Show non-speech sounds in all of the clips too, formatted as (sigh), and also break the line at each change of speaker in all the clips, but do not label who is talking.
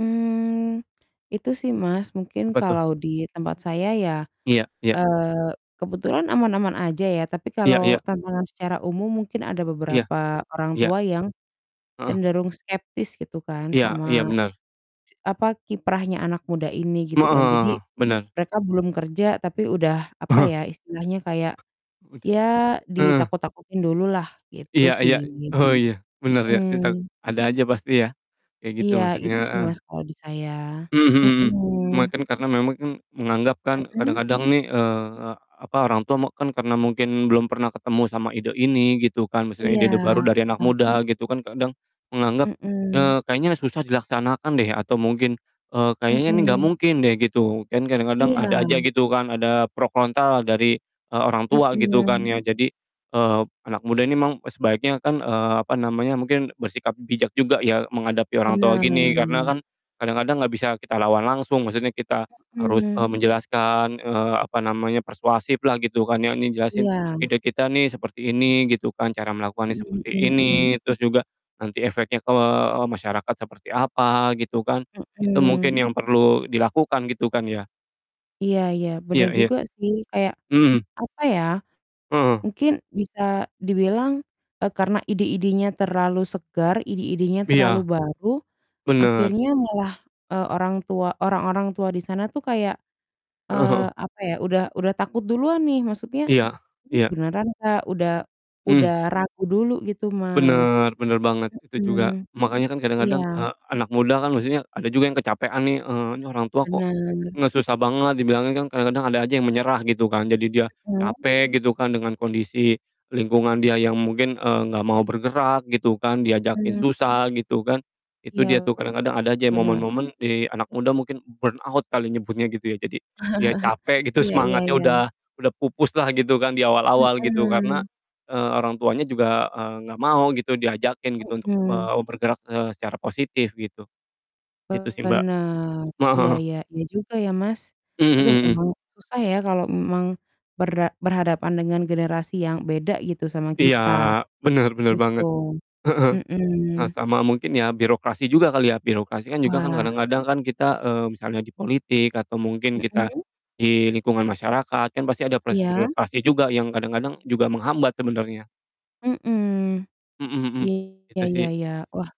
Mmm, itu sih Mas, mungkin
Apa tuh?
kalau di tempat saya ya,
Iya iya.
eee, kebetulan aman-aman aja ya, tapi
Iya
kalau
iya.
tantangan secara umum mungkin ada
Iya.
beberapa orang
Iya.
tua yang
Heeh.
cenderung skeptis gitu kan,
Iya
sama
iya, benar.
ci apa, kiprahnya anak muda ini gitu
Mmm,
kan.
heeh
Jadi,
heeh, benar.
mereka belum kerja tapi udah, apa ya,
(chuckles)
istilahnya kayak,
Udah.
ya,
Heeh.
ditakut-takutin dulu lah, gitu
Iya iya.
sih.
Oh iya, benar ya ditak
Mhm.
ada aja pasti ya. Kayak gitu
Iya
maksudnya,
itu sih
heeh.
Mas, kalau di saya.
Mhm mhm mhm. Cuma
Mhm.
kan karena memang kan menganggap kan,
Mhm?
kadang-kadang nih, eee, apa, orang tua mek kan, karena mungkin belum pernah ketemu sama ide ini, gitu kan, maksudnya
Iya.
ide-ide baru dari anak muda gitu kan, kadang menganggap,
Mhm.
eee, "Kayaknya susah dilaksanakan deh." Atau mungkin, eee, "Kayaknya ini enggak
Mhm.
mungkin deh." Gitu. Kan kadang-kadang, ada aja
Iya.
gitu kan, ada pro kontra lah dari, eee, orang tua gitu kan
Mhm.
ya. Jadi, eee, anak muda ini emang sebaiknya kan, eee, apa namanya, mungkin bersikap bijak juga ya, menghadapi orang tua gini, karena
Benar.
kan kadang-kadang enggak bisa kita lawan langsung. Maksudnya kita harus, eee,
Mhm.
menjelaskan, eee, apa namanya, persuasif lah gitu kan ya. Ini jelasin,
Iya.
ide kita nih seperti ini gitu kan, cara melakukannya
Mmm,
seperti
mhm mhm.
ini. Terus juga, nanti efeknya ke, eee, masyarakat seperti apa, gitu kan. Itu mungkin
Mhm.
yang perlu, dilakukan gitu kan ya?
Iya iya,
Iya
benar
iya.
juga sih kayak,
Mhm mhm.
apa ya,
Heeh.
mungkin bisa dibilang, eee, karena ide-idenya terlalu segar, ide-idenya terlalu
Iya,
baru
benar.
akhirnya malah, eee, orang tua orang-orang tua di sana tuh kayak,
Heeh
eee,
heeh.
apa ya, udah udah takut duluan nih, maksudnya,
Iya,
"Ini
iya.
beneran nggak?" Udah udah
Hmm.
ragu dulu gitu Mas.
Benar, benar banget, itu juga
Mhm.
makanya kan
Iya.
kadang-kadang, eee, anak muda kan maksudnya, ada juga yang kecapekan nih, eee, ini orang tua kok
Benar.
nge susah banget dibilangin, kan kadang-kadang ada aja yang menyerah, gitu kan. Jadi dia
Iya kan?
capek gitu kan, dengan kondisi lingkungan dia yang mungkin, eee, enggak mau bergerak gitu kan, diajakin
Heeh.
susah gitu kan. Itu dia tuh
Iya,
kadang-kadang ada aja ya
benar.
momen-momen di anak muda mungkin, burnout kali nyebutnya gitu ya. Jadi, dia
(chuckles)
capek gitu
Iya iya
semangatnya udah
iya.
udah pupus lah gitu kan di awal-awal gitu karena,
Mhm.
eee, orang tuanya juga, eee, enggak mau gitu diajakin gitu untuk,
Mhm.
eee, bergerak, eee, secara positif gitu. Gitu sih, Mbak.
Benar,
Ma heeh
iya
heeh.
iya. Iya juga ya, Mas.
Mmm
Aduh
mmm.
emang susah ya kalau m memang, bera berhadapan dengan generasi yang beda gitu sama
Iya,
kita,
benar benar
gitu.
banget. Heeh.
Mhm.
Eh, sama mungkin ya birokrasi juga kali ya. Birokrasi kan juga kan
Wah.
kadang-kadang kan kita, eee, misalnya di politik atau mungkin kita,
Mhm?
di lingkungan masyarakat, kan pasti ada proses
Iya?
birokrasi juga, yang kadang-kadang juga menghambat sebenarnya.
Mhm.
Mhm mhm,
Iya
itu
iya
sih.
iya. Wah,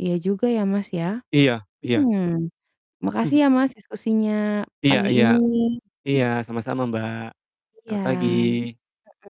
iya juga ya, Mas, ya.
Iya iya.
Hmm, makasih
(chuckles)
ya Mas, diskusinya
Iya
pagi
iya.
ini.
Iya sama-sama Mbak,
Iya.
selamat pagi!
Heeh.